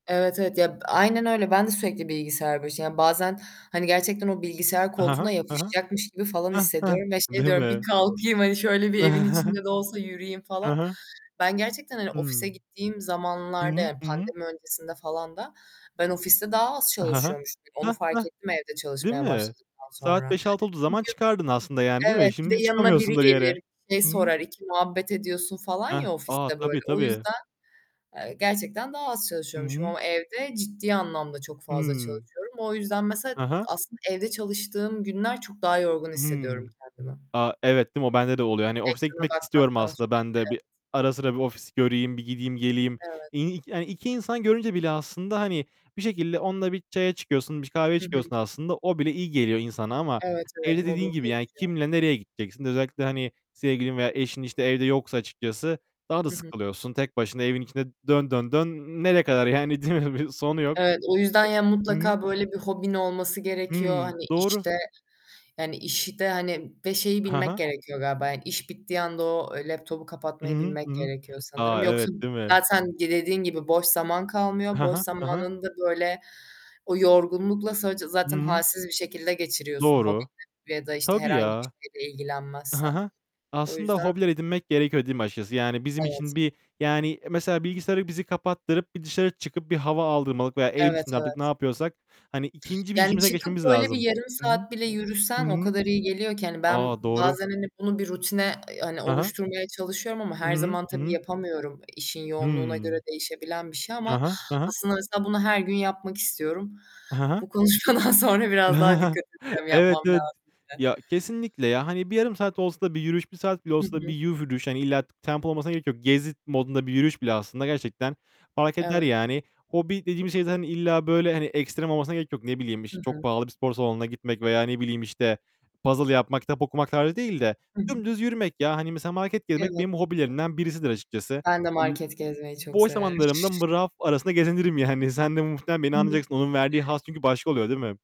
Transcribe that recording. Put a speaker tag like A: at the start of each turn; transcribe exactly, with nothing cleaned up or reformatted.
A: Evet, evet ya aynen öyle. Ben de sürekli bilgisayar başı, yani bazen hani gerçekten o bilgisayar
B: Hı
A: koltuğuna
B: hı. Hı hı.
A: yapışacakmış gibi falan
B: Heh, heh.
A: hissediyorum ve şey
B: Değil
A: diyorum "Bir
B: mi.
A: kalkayım hani şöyle bir evin içinde de olsa yürüyeyim."
B: Hı
A: falan.
B: hı.
A: Ben gerçekten hani ofise
B: Hıı.
A: gittiğim
B: Hı
A: zamanlarda
B: hı.
A: yani
B: Hı hı.
A: pandemi öncesinde falan da, ben ofiste daha az
B: Hı hı.
A: çalışıyormuşum. Onu
B: Heh,
A: fark
B: heh.
A: ettim, evde
B: Değil
A: çalışmaya
B: mi?
A: başladıktan
B: Saat
A: sonra.
B: beş altı olduğu zaman
A: Çünkü
B: çıkardın aslında yani değil mi?
A: evet, bir
B: Şimdi
A: de yanına biri
B: çıkamıyorsun da bir yere.
A: gelir, şey
B: Hı hı.
A: sorar, iki muhabbet ediyorsun falan
B: Heh,
A: ya
B: a
A: ofiste böyle.
B: tabii,
A: O
B: tabii.
A: yüzden, eee, gerçekten daha az
B: Hı
A: çalışıyormuşum
B: hı.
A: ama evde ciddi anlamda çok fazla
B: Hıı.
A: çalışıyorum. O yüzden mesela
B: Hı hı.
A: aslında evde çalıştığım günler çok daha yorgun
B: Hıı.
A: hissediyorum kendimi.
B: A evet değil mi? O bende de oluyor. Yani ofise
A: Ekrana
B: gitmek istiyorum
A: bakmaktan
B: aslında
A: sürekli
B: ben de.
A: evet.
B: Bir ara sıra bir ofisi göreyim. Bir gideyim geleyim.
A: Evet.
B: [unintelligible] Yani iki insan görünce bile aslında hani bir şekilde onunla bir çaya çıkıyorsun, bir kahveye
A: Hı hı.
B: çıkıyorsun aslında. O bile iyi geliyor insana ama
A: Evet,
B: evde
A: evet mod'um
B: dediğin gibi yani
A: değişiyor.
B: kimle nereye gideceksin? Özellikle hani, sevgilin veya eşin işte evde yoksa açıkçası daha da
A: Hı hı.
B: sıkılıyorsun. Tek başına evin içinde dön, dön, dön. Nereye kadar yani değil mi? Bir sonu yok.
A: Evet, o yüzden yani
B: E Hı hı.
A: mutlaka böyle bir hobin olması gerekiyor
B: Hıı.
A: hani
B: Doğru.
A: işte yani işte hani ve şeyi
B: Ha
A: bilmek
B: ha.
A: gerekiyor galiba iş bittiği anda o laptopu
B: Hı
A: kapatmayı
B: hı.
A: bilmek
B: Hı hı.
A: gerekiyor sanırım.
B: A,
A: Yoksa
B: evet değil mi?
A: zaten dediğin gibi boş zaman kalmıyor.
B: Hı
A: Boş
B: hı. Hı hı.
A: zamanında böyle o yorgunlukla sadece
B: Hı
A: zaten
B: hı.
A: halsiz bir şekilde geçiriyorsun
B: Doğru.
A: hobiyle ya da işte
B: Tabii
A: herhangi bir
B: ya.
A: şeyle
B: Hı
A: ilgilenmezsen.
B: hı.
A: O
B: Aslında
A: yüzden
B: hobiler edinmek gerekiyor değil mi açıkçası? Yani bizim
A: Evet.
B: için bir, yani mesela bilgisayarı bizi kapattırıp bir dışarı çıkıp bir hava aldırmalık veya evin
A: Evet,
B: içinde artık, ne
A: evet.
B: yapıyorsak hani ikinci bir
A: Yani
B: işimize
A: çıkıp
B: geçmemiz
A: böyle bir
B: lazım.
A: yarım
B: Hı hı.
A: saat bile
B: Hı
A: yürüsen o
B: hı.
A: kadar iyi geliyor ki hani ben
B: A doğru.
A: bazen hani bunu bir rutine hani
B: Hı hı.
A: oluşturmaya çalışıyorum ama
B: Hı
A: her
B: hı.
A: zaman
B: Hı
A: tabii
B: hı.
A: yapamıyorum, işin yoğunluğuna göre
B: Hıı.
A: değişebilen bir şey
B: Hı
A: ama
B: hı. Hı hı.
A: aslında mesela bunu her gün yapmak istiyorum.
B: Hı hı.
A: Bu konuşmadan sonra biraz daha dikkat edeceğim
B: Evet
A: yapmam
B: evet.
A: lazım.
B: Ya
A: [unintelligible]
B: kesinlikle ya. Hani bir yarım saat olsa da bir yürüyüş, bir saat bile
A: Hı
B: olsa da bir
A: hı.
B: [unintelligible] yürüyüş, hani illa tempo olmasına gerek yok. Gezi mod'unda bir yürüyüş bile aslında gerçekten fark eder
A: Evet.
B: yani. Hobi dediğimiz şey zaten illa böyle hani ekstrem olmasına gerek yok. Ne bileyim
A: Hı
B: çok
A: hı.
B: pahalı bir spor salonuna gitmek veya ne bileyim işte puzzle yapmak, kitap okumak tarzı değil de
A: Hı hı.
B: dümdüz yürümek ya. Hani mesela market gezmek
A: Evet.
B: benim hobilerimden birisidir açıkçası.
A: Ben de
B: [unintelligible]
A: market gezmeyi çok
B: Boş
A: severim.
B: zamanlarımda mı raf arasında gezinirim yani. Sen de muhtemelen beni anlayacaksın. Onun verdiği
A: [unintelligible]
B: haz çünkü başka oluyor değil mi?